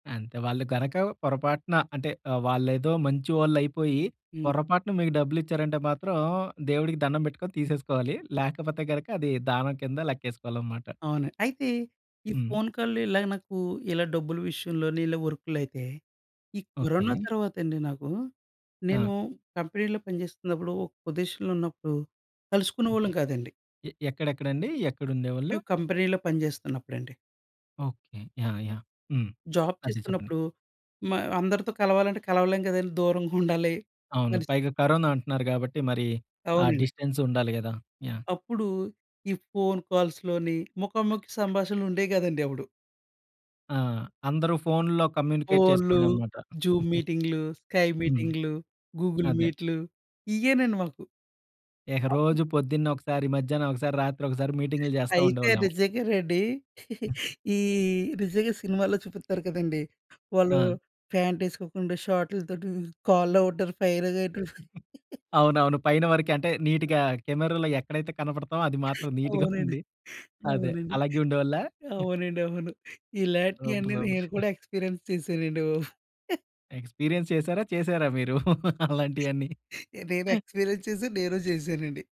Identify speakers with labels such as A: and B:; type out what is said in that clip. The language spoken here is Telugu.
A: అంతే. వాళ్ళు గనక పొరపాటున అంటే, ఆహ్, వాళ్ళేదో మంచి వాళ్ళయిపోయి,
B: హ్మ్.
A: పొరపాటున మీకు డబ్బులిచ్చారంటే మాత్రం, దేవుడికి దండం బెట్టుకొని, తీసేసుకోవాలి. లేకపోతే గనక అదీ, దానం కింద లెక్కేసుకోవాలనమాట.
B: అవును. అయితే, ఈ
A: హ్మ్.
B: ఫోన్ కాల్‌లు ఇలాగా నాకూ, ఇలా డబ్బులు విషయంలోని ఇలా వర్కులయితే, ఈ కరోనా
A: ఓకే.
B: తర్వాతండి నాకూ,
A: ఆ!
B: నేనూ కంపెనీలో పనిచేస్తున్నప్పుడు ఒక పొదీషన్‌లో ఉన్నప్పుడు,
A: ఓకే.
B: కలుసుకునేవాళ్ళం కాదండి!
A: ఎ ఎక్కడెక్కడండీ? ఎక్కడుండేవాళ్ళు?
B: మేం కంపెనీ‌లో పని చేస్తున్నప్పుడండి.
A: Okay. Yeah! Yeah! Hmm.
B: Job
A: అదే, చెప్పండి.
B: చేస్తున్నప్పుడు, మా అందరితో కలవాలంటే, కలవలేం కదండీ దూరంగుండాలి.
A: అవును.
B: మనిషి
A: పైగా కరోనా అంటన్నారు గాబట్టి, మరీ ఆ
B: అవునండి.
A: డిస్టెన్సుండాలి గదా! యాహ్!
B: అప్పుడూ, ఈ ఫోన్ కాల్స్‌లోనీ ముఖాముఖి సంభాషణలుండేయి గాదండి అప్పుడు.
A: ఆ! అందరూ ఫోనుల్లో కమ్యూనికేట్
B: ఫోన్‌లు,
A: చేసుకొడం అనమాట.
B: జూమ్ మీటింగ్‌లు, స్కై
A: హ్మ్.
B: మీటింగ్‌లు, గూగుల్
A: అదే.
B: మీట్‌లు ఇయ్యేనండి మాకు.
A: ఇహ
B: అప్పు
A: రోజు పొద్దున్నే ఒకసారి, మధ్యానం ఒకసారి, రాత్రొకసారి మీటింగ్‌లు జేస్తా
B: అయితే
A: ఉండేవాళ్ళమో?
B: నిజంగానండి. ఈ నిజంగా సినిమాలో చూపిత్తారు కదండీ! వాళ్ళు
A: ఆ!
B: ఫ్యాంటేసుకోకుండా, షాటుల తోటి కాల్‌లో ఉంటారు ఫైరగా ఎటు
A: అవునవును పైన వరకే, అంటే నీటిగా కెమెరాలో ఎక్కడైతే కనపడతామో, అది మాత్రం నీటిగా
B: అవునండి.
A: ఉండి అదే!
B: అవునండి.
A: అలాగే ఉండేవాళ్ళా?
B: అవునండవును.
A: సూపర్.
B: ఇలాంటియన్ని
A: సూపర్.
B: నేను కూడా ఎక్స్పీరియన్స్ చేశానండి బాబు.
A: ఎక్స్పీరియన్స్ చేసారా? చేసారా మీరు? అలాంటియన్ని.
B: నేను ఎక్స్పీరియన్స్ చేశాను, నేను చేశానండి.